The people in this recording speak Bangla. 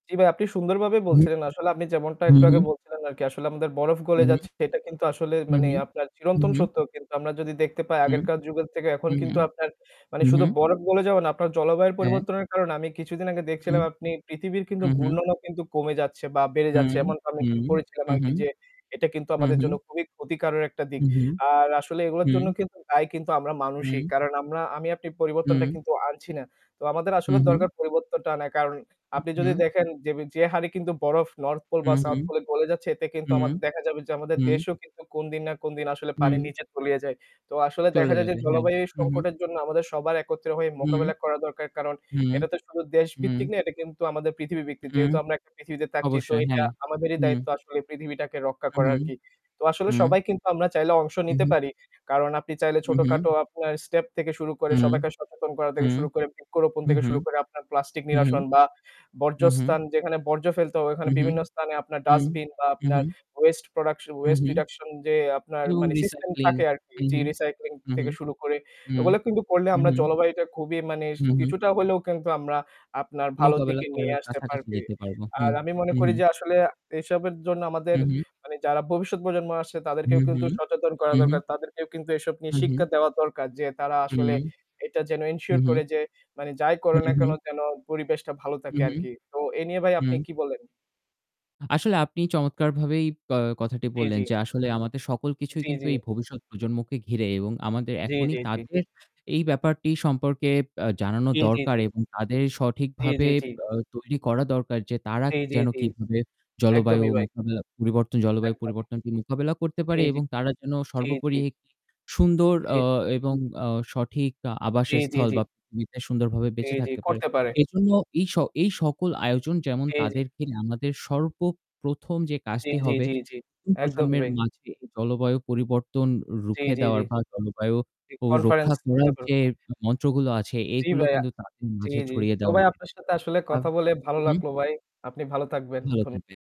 জি ভাই, আপনি সুন্দরভাবেই হুম? বলছিলেন। আসলে আপনি যেমনটা হু, একটু আগে হু। বলছিলেন আরকি। আসলে আমাদের বরফ হু, গলে হু। যাচ্ছে সেটা কিন্তু আসলে হু, মানে হু। আপনার হু, চিরন্তন হু। সত্য। কিন্তু আমরা যদি দেখতে পাই হু। আগেরকার যুগের থেকে এখন হু, হু। কিন্তু আপনার মানে হু, শুধু হু। বরফ গলে যাওয়া না আপনার জলবায়ুর হ্যা। পরিবর্তনের কারণে আমি কিছুদিন আগে হুউ। দেখছিলাম আপনি পৃথিবীর কিন্তু হু, হু। ঘূর্ণনও কিন্তু কমে যাচ্ছে বা বেড়ে হু, যাচ্ছে এমনটা আমি হু। একটু পড়েছিলাম হু, হু। আরকি যে এটা কিন্তু হু, আমাদের হু। জন্য খুবই ক্ষতিকারক একটা দিক। হু, হু। আর আসলে এগুলোর হু। জন্য কিন্তু দায়ী কিন্তু আমরা মানুষই। হু। কারণ আমরা আমি আপনি পরিবর্তনটা হু। কিন্তু আনছি না। তো আমাদের হু, আসলে হু। দরকার পরিবর্তনটা আনা। কারণ হু, আপনি যদি হু। দেখেন যেবি যে হারে কিন্তু বরফ north pole হু, বা হু। south pole এ গলে যাচ্ছে এতে কিন্তু হু। আমার দেখা যাবে যে আমাদের হু। দেশও কিন্তু কোন দিন না কোন দিন আসলে পানির হু। নিচে তলিয়ে যায়। তো আসলে চলে দেখা যায় যে যাবে। হ্যাঁ। জলবায়ু হু, হু। সংকটের জন্য আমাদের সবার একত্রে হয়ে হু। মোকাবেলা করা দরকার। কারণ হু। এটা তো শুধু হু। দেশভিত্তিক না, এটা কিন্তু আমাদের পৃথিবীভিত্তিক। হু। যেহেতু আমরা একটা পৃথিবীতে থাকছি তো অবশ্যই। এটা হ্যাঁ। আমাদেরই হু। দায়িত্ব আসলে পৃথিবীটাকে রক্ষা হু, করা হু। আরকি। তো আসলে হু। সবাই কিন্তু আমরা চাইলে অংশ হু, নিতে হু। পারি। কারণ আপনি চাইলে হু, হু। ছোটখাটো আপনার step থেকে শুরু করে হু। সবাইকে সচেতন করা হু। থেকে শুরু করে বৃক্ষরোপণ হু, থেকে হু। শুরু করে আপনার প্লাস্টিক হু, হু। নিরসন বা হু, হু। বর্জ্যস্থান যেখানে বর্জ্য ফেলতে হয়, হু, ওখানে হু। বিভিন্ন স্থানে আপনার হু। ডাস্টবিন বা হু, আপনার হু। waste production হু, waste হু। reduction যে আপনার to মানে system recycling থাকে আরকি। হু, যে হু। recycling হু, হু। থেকে শুরু করে হু। ওগুলো কিন্তু করলে হু, আমরা হু। জলবায়ুটা খুবই মানে হু, সি হু। কিছুটা হলেও কিন্তু আমরা আপনার ভালোর মোকাবেলা দিকে নিয়ে করার আসতে কাছাকাছি পারবে। যেতে পারবো। হু। আর আমি মনে হু, করি হু। যে আসলে এসবের জন্য আমাদের হু, হু। মানে যারা ভবিষ্যৎ প্রজন্ম আসছে হু, তাদেরকেও হু। কিন্তু সচেতন করা হু, হু। দরকার। তাদেরকেও কিন্তু এসব নিয়ে হু, শিক্ষা হু। দেওয়া দরকার যে তারা হু। আসলে এটা যেন হু, ensure হু। করে যে মানে যাই করে হু, না হু। কেন যেন পরিবেশটা ভালো হু, থাকে হু। আরকি। তো এ নিয়ে ভাই আপনি হু। কি বলেন? আসলে আপনি পা চমৎকারভাবেই আ কথাটি জি, বললেন জি। যে আসলে আমাদের সকল কিছুই জি, কিন্তু জি। এই ভবিষ্যৎ প্রজন্মকে ঘিরে এবং আমাদের জি, এখনই জি, জি। তাদের এই ব্যাপারটি সম্পর্কে ব্যা জানানো জি, জি, দরকার জি। এবং তাদের জি, সঠিকভাবে জি, জি। আ তৈরি করা দরকার যে তারা জি, জি, যেন জি। কীভাবে জলবায়ু একদমই ভাই। মোকাবেলা পরিবর্তন জলবায়ু একদমই। পরিবর্তনকে মোকাবেলা করতে জি, পারে জি। এবং তারা যেন জি, সর্বোপরি জি। একটি সুন্দর জি, আ জি। এবং আ সঠিক আ জি, জি, আবাসস্থল জি। বা পৃথিবীতে সুন্দরভাবে জি, বেঁচে জি। থাকতে পারে। করতে পারে। এজন্য এই স এই সকল আয়োজন যেমন জি, জি। তাদেরকে নিয়ে আমাদের সর্বপ্রথম যে জি, কাজটি জি, হবে জি, জি। এই একদমই প্রজন্মের ভাই। মাঝে জলবায়ু পরিবর্তন জি, রুখে জি, জি। দেওয়ার বা জলবায়ু জি। অ রক্ষা Conference করতে করার পারো। যে মন্ত্রগুলো আছে জি এগুলো ভাইয়া। কিন্তু তাদের জি, মাঝে জি। ছড়িয়ে তো দেওয়া ভাই উচিত। আপনার সাথে আসলে আব কথা বলে ভালো উহু। লাগলো ভাই। আপনি ভালো থাকবেন। ভালো ধন্যবাদ। থাকবেন।